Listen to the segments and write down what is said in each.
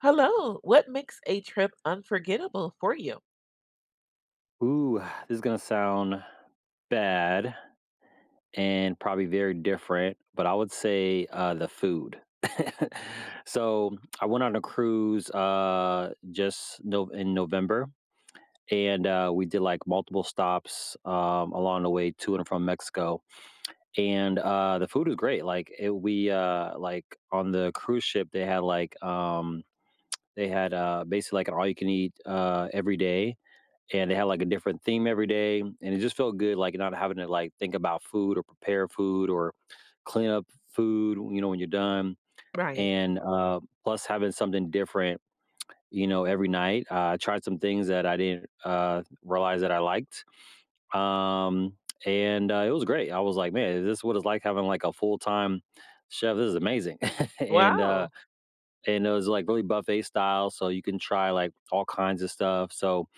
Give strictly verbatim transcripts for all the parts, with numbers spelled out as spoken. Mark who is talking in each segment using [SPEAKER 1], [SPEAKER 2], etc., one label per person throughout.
[SPEAKER 1] Hello, what makes a trip unforgettable for you?
[SPEAKER 2] Ooh, ah, this is gonna sound bad, and probably very different, but I would say, uh, "The food." So, I went on a cruise, uh, just No in November, and, uh, we did, like, multiple stops, um, along the way to and from Mexico, and, uh, the food was great, like, it We, uh, like, on the cruise ship, they had, like, um they had, uh, basically like an all-you-can-eat, uh, every day, and they had, like, a different theme every day, and it just felt good, like, not having to, like, think about food or prepare food or clean up f food, you know, when you're done,
[SPEAKER 1] Right.
[SPEAKER 2] and, uh, plus having something different, you know, every night. I tried some things that I didn't, uh, realize that I liked, um, and, uh, it was great. I was like: "Man, is this what it's like having, like, a full-time chef? This is amazing." And, uh,
[SPEAKER 1] Wow.
[SPEAKER 2] and it was, like, really buffet style, so, you can try, like, all kinds of stuff. So,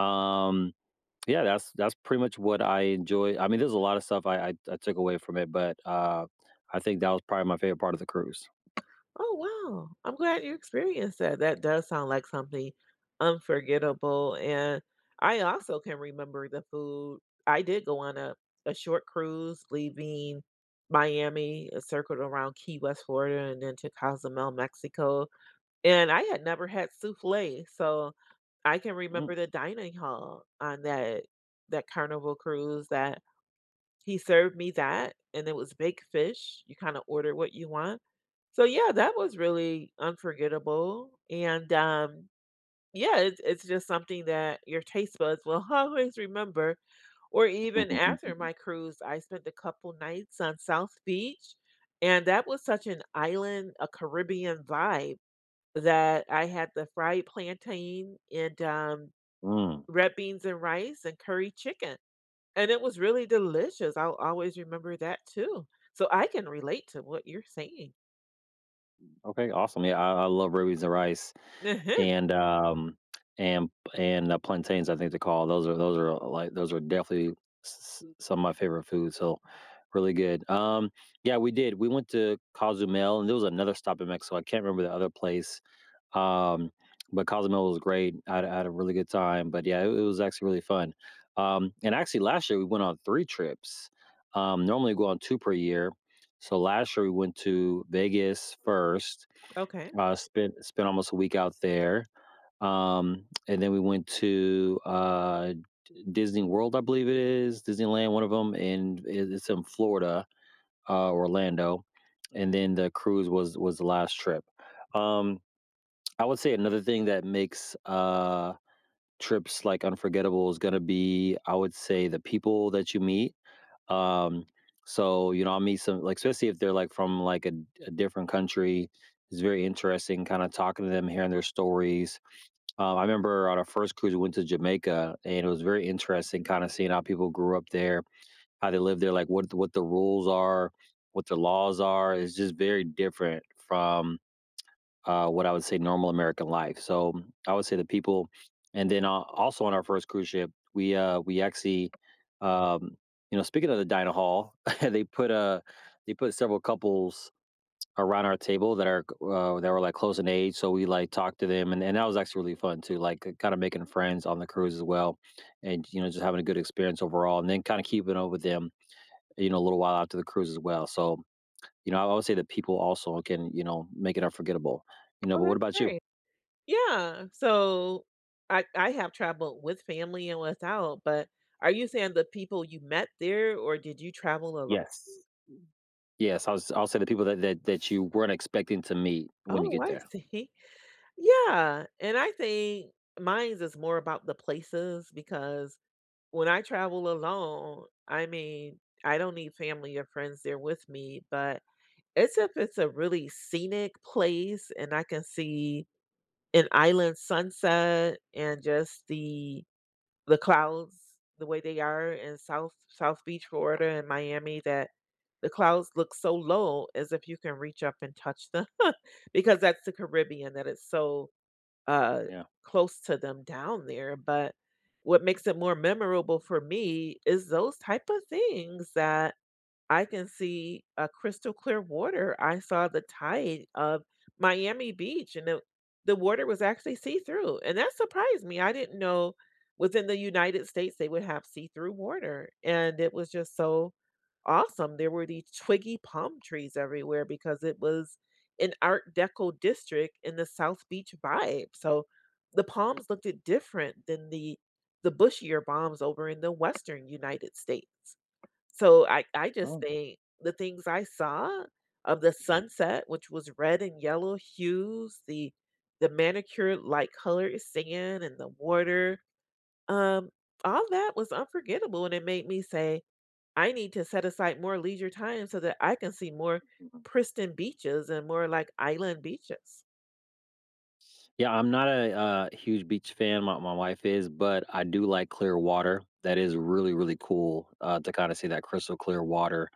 [SPEAKER 2] um, yeah, that's that's pretty much what I enjoy I mean, there's a lotta stuff I I I took away from it, but, uh, I think that was probably my favorite part of the cruise.
[SPEAKER 1] Oh, wow. I'm glad you experienced that. That does sound like something unforgettable, and I also can remember the food I did go on a a short cruise leaving Miami, it circled around Key West, Florida, and then to Cozumel, Mexico, and I had never had souffle, so, I can
[SPEAKER 2] Mm.
[SPEAKER 1] remember the dining hall on that that Carnival cruise that he served me that, and it was baked fish you kinda order what you want, so yeah, that was really unforgettable, and, um, yeah, it it's just something that your taste buds will always remember, or even after my cruise, I spent a couple nights on South Beach, and that was such an island, a Caribbean vibe, that I had the fried plantain and, um,
[SPEAKER 2] Mm.
[SPEAKER 1] red beans and rice and curry chicken, and it was really delicious. I'll always remember that too, so I can relate to what you're saying.
[SPEAKER 2] M okay, awesome. Yeah, I I love red beans and rice and, um, and p and the plantains, I think they're called. Those are those are, like, those are definitely s s some of my favorite foods, so really good. Um, yeah, we did. We went to Cozumel, and there was another stop in Mexico, I can't remember the other place. Um, but Cozumel was great. I had I had a really good time, but yeah, it it was actually really fun. Um, and actually, last year we went on three trips. Um, normally go on two per year. So last year we went to Vegas first,
[SPEAKER 1] Okay.
[SPEAKER 2] uh, spent spent almost a week out there. Um, and then we went to, uh, D Disney World, I believe it is, Disneyland, one of 'em, and in it's in Florida, uh, Orlando. And then the cruise was was the last trip. Um, I would say another thing that makes, uh, trips, like, unforgettable is gonna be, I would say, the people that you meet. Um, so, you know, I meet some Like, especially if they're, like, from, like, a d a different country, it's very interesting kinda talking to them, hearing their stories. Um, I remember on our first cruise, we went to Jamaica, and it was very interesting kinda seeing how people grew up there, how they lived there, like, what what the rules are, what the laws are. It's just very different from, uh, what I would say normal American life. So, I would say the people and then a also on our first cruise ship, we, uh, we actually, um you know, speaking of the dining hall, they put, uh they put several couples around our table that are g uh, that were, like, close in age, so we, like, talked to them, and and that was actually really fun too, like, k kinda making friends on the cruise as well and, you know, just having a good experience overall, and then kinda keeping up with them, you know, a little while after the cruise as well. So, you know, I would say the people also can, you know, make it unforgettable, you know.
[SPEAKER 1] Oh,
[SPEAKER 2] But what
[SPEAKER 1] that's
[SPEAKER 2] about you?
[SPEAKER 1] great. Yeah. So I I have traveled with family and without, but are you saying the people you met there or did you travel alo
[SPEAKER 2] Yes. M Yes, I would s I would say the people that that that you weren't expecting to meet when you
[SPEAKER 1] Oh,
[SPEAKER 2] get
[SPEAKER 1] I
[SPEAKER 2] there.
[SPEAKER 1] see. Yeah. And I think mines is more about the places, because when I travel alone, I mean, I don't need family or friends there with me. But it's if it's a really scenic place and I can see an island sunset and just the the clouds the way they are in South South Beach, Florida, and Miami, that the clouds look so low as if you can reach up and touch them, because that's the Caribbean, that it's so, uh,
[SPEAKER 2] Yeah.
[SPEAKER 1] close to them down there. But, what makes it more memorable for me is those type of things that I can see a crystal clear water. I saw the tide of Miami Beach and the the water was actually see-through, and that surprised me. I didn't know within the United States they would have see-through water, and it was just so awesome. There were these twiggy palm trees everywhere because it was an art deco district in the South Beach vibe. So the palms looked it different than the the bushier palms over in the Western United States. So I I just
[SPEAKER 2] Oh.
[SPEAKER 1] think the things I saw of the
[SPEAKER 2] Mhm.
[SPEAKER 1] sunset, which was red and yellow hues, the the manicure-like color sand and the water, um, all that was unforgettable and it made me say, "I need to set aside more leisure time so that I can see more
[SPEAKER 2] [unintelligible]
[SPEAKER 1] pristin beaches and more, like, island beaches."
[SPEAKER 2] Yeah, I'm not a a huge beach fan. My my wife is, but I do like clear water. That is really, really cool, uh, to kinda see that crystal clear water.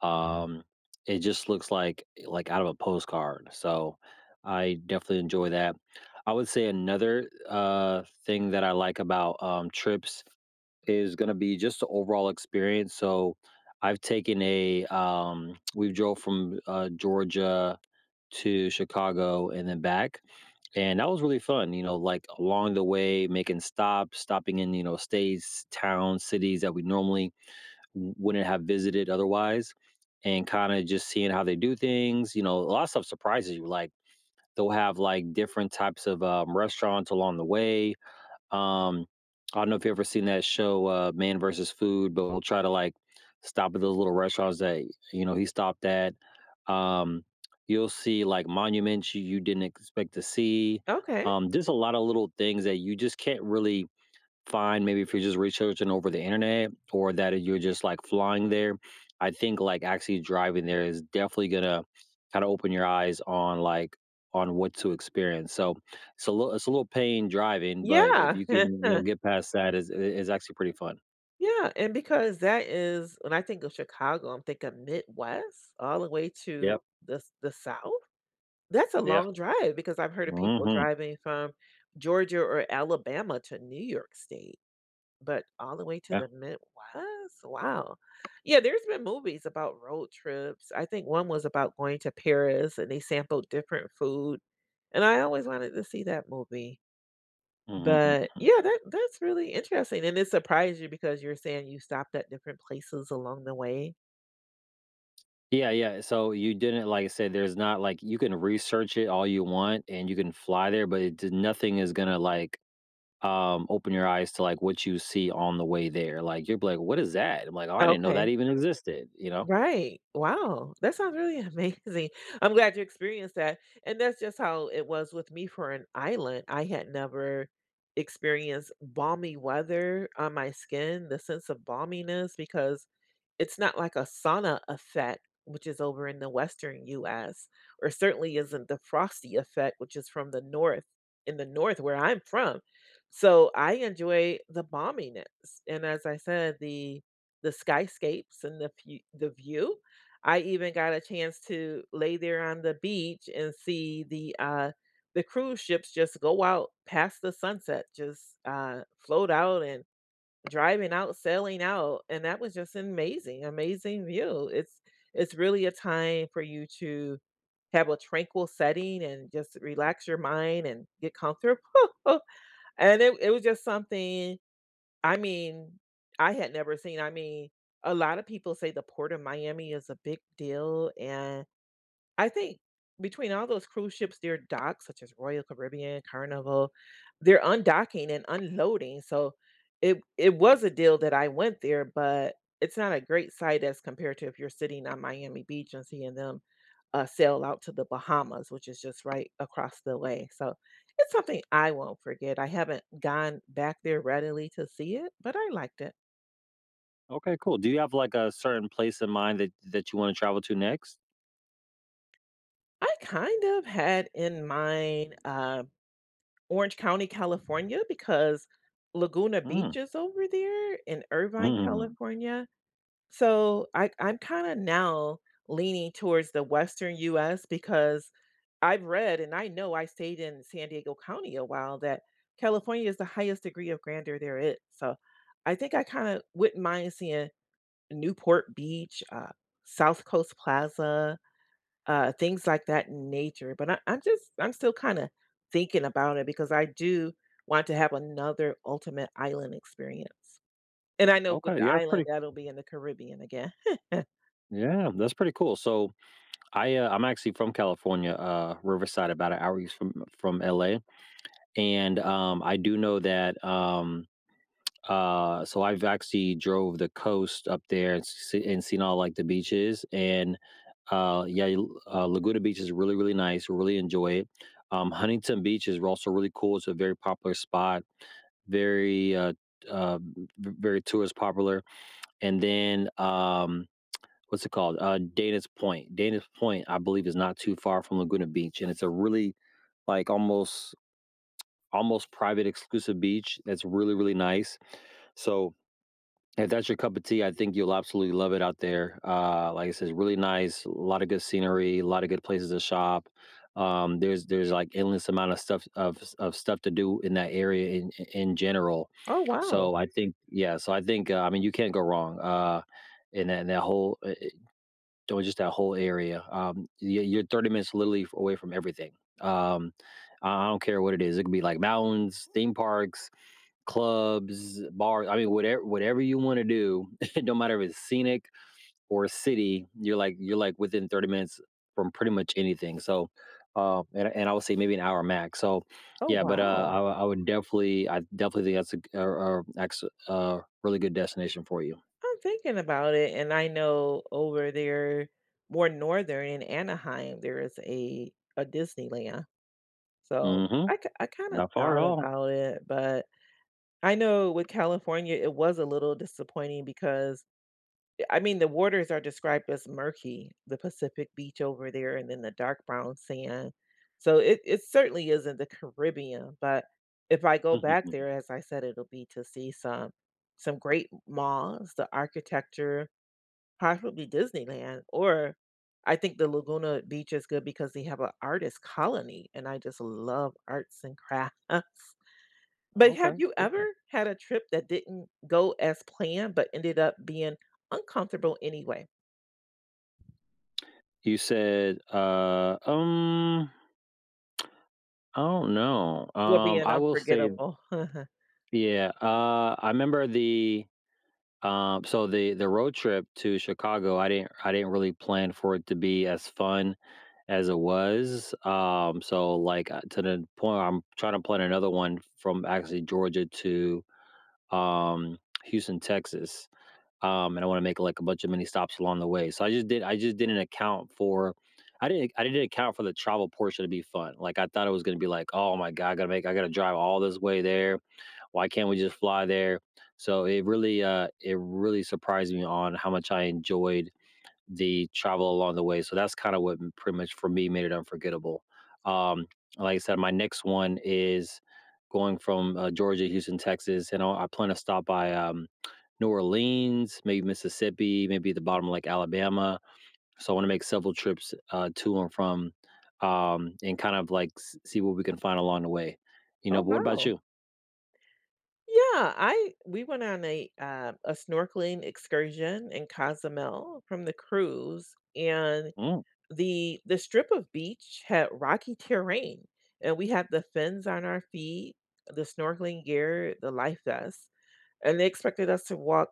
[SPEAKER 2] Um, it just looks like like out of a postcard, so I definitely enjoy that. I would say another, uh, thing that I like about, um, trips is gonna be just the overall experience. So I've taken a, um, we drove from, uh, Georgia to Chicago and then back, and that was really fun, you know, like, along the way making stops, stopping in, you know, states, towns, cities that we normally w wouldn't have visited otherwise, and kinda just seeing how they do things, you know, a lotta stuff surprises you, like, they'll have, like, different types of, um, restaurants along the way. Um, I don't know if you've ever seen that show, uh, Man v. Food, but we'll try to, like, stop at those little restaurants that, you know, he stopped at. Um, you'll see, like, monuments you you didn't expect to see,
[SPEAKER 1] Okay.
[SPEAKER 2] um, just a lotta little things that you just can't really find maybe if you're just researching over the internet or that i you're just, like, flying there. I think, like, actually driving there is definitely gonna kinda open your eyes on, like on what to experience, so it's a lit it's a little pain driving, but if
[SPEAKER 1] Yeah.
[SPEAKER 2] you can, you know, get past that, it's it is actually pretty fun.
[SPEAKER 1] Yeah, and because that is when I think of Chicago, I'm thinking Midwest all the way to
[SPEAKER 2] Yep.
[SPEAKER 1] the s the South? That's a
[SPEAKER 2] Yeah.
[SPEAKER 1] long drive, because I've heard of people
[SPEAKER 2] Mhm.
[SPEAKER 1] driving from Georgia or Alabama to New York State, but all the way to
[SPEAKER 2] Yeah.
[SPEAKER 1] the Midwest? Wow. Yeah, there's been movies about road trips. I think one was about going to Paris and they sampled different food, and I always wanted to see that movie.
[SPEAKER 2] Mm, hmm, hmm,
[SPEAKER 1] But,
[SPEAKER 2] hmm.
[SPEAKER 1] yeah, that that's really interesting, and it surprised you because you're saying you stopped at different places along the way.
[SPEAKER 2] Yeah, yeah, so you didn't like I said, there's not like, you can research it all you want and you can fly there, but it d nothing is gonna, like, um, open your eyes to, like, what you see on the way there, like, you'll be like, "What is that?" I'm like, "Oh, I didn't know that
[SPEAKER 1] Okay.
[SPEAKER 2] even existed." You know?
[SPEAKER 1] Right. Wow. That sounds really amazing. I'm glad you experienced that, and that's just how it was with me for an island. I had never experienced balmy weather on my skin, the sense of balminess, because it's not like a sauna effect, which is over in the Western US, or certainly isn't the frosty effect, which is from the North, in the North where I'm from. So I enjoy the balminess and, as I said, the the skyscapes and the fe the view. I even got a chance to lay there on the beach and see the, uh the cruise ships just go out past the sunset, just, uh, float out and driving out, sailing out, and that was just amazing amazing view. It's it's really a time for you to have a tranquil setting and just relax your mind and get comfortable. And it it was just something I mean, I had never seen, I mean, a lot of people say the Port of Miami is a big deal, and I think between all those cruise ships, they're docked, such as Royal Caribbean, Carnival, they're undocking and unloading, so it it was a deal that I went there, but it's not a great sight as compared to if you're sitting on Miami Beach and seeing them, uh, sail out to the Bahamas, which is just right across the way, so it's something I won't forget, I haven't gone back there readily to see it, but I liked it.
[SPEAKER 2] Okay, cool. Do you have, like, a certain place in mind that that you wanna travel to next?
[SPEAKER 1] I kind of had in mind, uh, Orange County, California, because Laguna
[SPEAKER 2] Hmm.
[SPEAKER 1] Beach is over there in Irvine,
[SPEAKER 2] Mhm.
[SPEAKER 1] California. So I I'm kinda now leaning towards the Western US because I've read, and I know I stayed in San Diego County a while, that California is the highest degree of grandeur there is. So I think I kinda wouldn't mind seeing Newport Beach, uh, South Coast Plaza, uh, things like that in nature. But I I'm just I'm still kinda thinking about it because I do want to have another ultimate island experience, and I know with
[SPEAKER 2] Okay.
[SPEAKER 1] the
[SPEAKER 2] Yeah, that's
[SPEAKER 1] island,
[SPEAKER 2] pretty
[SPEAKER 1] that'll be in the Caribbean again.
[SPEAKER 2] Yeah, that's pretty cool. So I, uh I'm actually from California, uh, Riverside, about a hour east from from LA, and, um, I do know that, um, uh so I've actually drove the coast up there and s s and seen all, like, the beaches and, uh, yeah, y uh, Laguna Beach is really, really nice, really enjoy it, um, Huntington Beach is also really cool, it's a very popular spot, very, uh uh, v very tourist popular, and then, um, what's it called? Uh, Dana's Point, Dana's Point, I believe, is not too far from Laguna Beach, and it's a really, like, almost almost private exclusive beach that's really, really nice, so if that's your cup of tea, I think you'll absolutely love it out there, uh, like I says, it's really nice, a lotta good scenery, a lotta good places to shop, um, there's there's, like, endless amount of stuff of of stuff to do in that area in i i in general.
[SPEAKER 1] Oh, wow.
[SPEAKER 2] So I think yeah. So I think, uh I mean, you can't go wrong, uh, in that that whole, eh eh do it just that whole area, um, y you're thirty minutes literally away from everything, um, uh, I I don't care what it is, it could be, like, mountains, theme parks, clubs, bars, I mean, whatev whatever you wanna do, don’t matter if it's scenic or a city, you're like you're, like, within thirty minutes from pretty much anything, so, um and and I would say maybe an hour max, so
[SPEAKER 1] Oh,
[SPEAKER 2] yeah, but, uh,
[SPEAKER 1] wow.
[SPEAKER 2] I wo I would definitely I definitely think that's a a a ex a really good destination for you.
[SPEAKER 1] I'm thinking about it, and I know over there more northern in Anaheim, there is a a Disneyland. So
[SPEAKER 2] Mhm,
[SPEAKER 1] I k I kinda
[SPEAKER 2] not far at
[SPEAKER 1] thought
[SPEAKER 2] all.
[SPEAKER 1] about it, but I know with California it was a little disappointing because I mean, the waters are described as murky, the Pacific Beach over there, and then the dark brown sand. So it it certainly isn't the Caribbean, but if I go back there, as I said, it'll be to see some some great m malls, the architecture, possibly Disneyland or I think the Laguna Beach is good because they have a artist colony, and I just love arts and crafts. But have
[SPEAKER 2] Okay,
[SPEAKER 1] you ever
[SPEAKER 2] cool.
[SPEAKER 1] had a trip that didn't go as planned but ended up being uncomfortable anyway?
[SPEAKER 2] You said, uh, um I don't know.
[SPEAKER 1] Will be
[SPEAKER 2] Um,
[SPEAKER 1] an
[SPEAKER 2] I will say
[SPEAKER 1] unforgettable
[SPEAKER 2] Yeah, uh, I 'member the, um, so the the road trip to Chicago, I didn't I didn't really plan for it to be as fun as it was. Um, so like, uh, to the point I'm trying to plan another one from actually Georgia to, um, Houston, Texas. Um, and I wanna make like a bunch of mini stops along the way. So I just did I just didn't account for I didn't I didn't account for the travel portion to be fun. Like I thought it was gonna be like, "Oh my God, I gotta make I gotta drive all this way there. Why can't we just fly there?" So it really, uh, it really surprised me on how much I enjoyed the travel along the way. So that's kinda what pretty much for me made it unforgettable. Um, like I said, my next one is going from, uh, Georgia to Houston, Texas, and I'll I plan to stop by, um, New Orleans, maybe Mississippi, maybe the bottom of like Alabama. So, I wanna make several trips, uh, to and from, um, and kind of like s see what we can find along the way, you
[SPEAKER 1] Oh,
[SPEAKER 2] know? But what about
[SPEAKER 1] wow.
[SPEAKER 2] you?
[SPEAKER 1] Yeah, I we went on a, uh, a snorkeling excursion in Cozumel from the cruise, and
[SPEAKER 2] Mm.
[SPEAKER 1] the the strip of beach had rocky terrain, and we had the fins on our feet, the snorkeling gear, the life vests, and they expected us to walk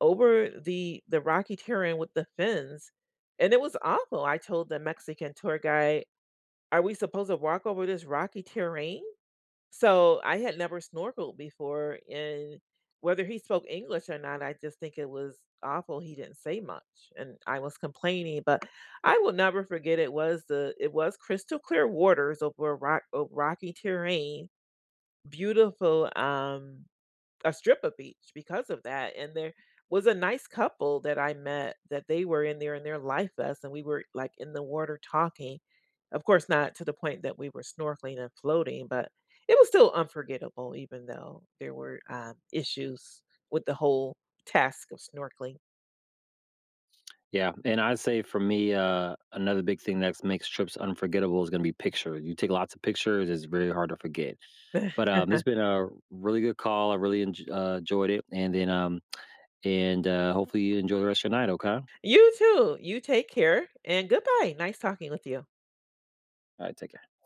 [SPEAKER 1] over the the rocky terrain with the fins, and it was awful. I told the Mexican tour guide, "Are we supposed to walk over this rocky terrain?" So, I had never snorkeled before, and whether he spoke English or not, I just think it was awful, he didn't say much, and I was complaining, but I will never forget it was the it was crystal clear waters over rock, ov rocky terrain, beautiful, um, a strip of beach because of that. And there was a nice couple that I met that they were in there in their life vests, and we were, like, in the water talking. Of course, not to the point that we were snorkeling and floating, but it was still unforgettable even though there were, um, issues with the whole task of snorkeling.
[SPEAKER 2] Yeah, and I'd say for me, uh, another big thing that's makes trips unforgettable is gonna be picture, you take lots of pictures, it's very hard to forget. But, um, this been a really good call. I really enj uh, ...joyed it. And then, um, and, uh, hopefully you enjoy the rest of your night, okay?
[SPEAKER 1] You too. You take care, and goodbye. Nice talking with you
[SPEAKER 2] All right, take care.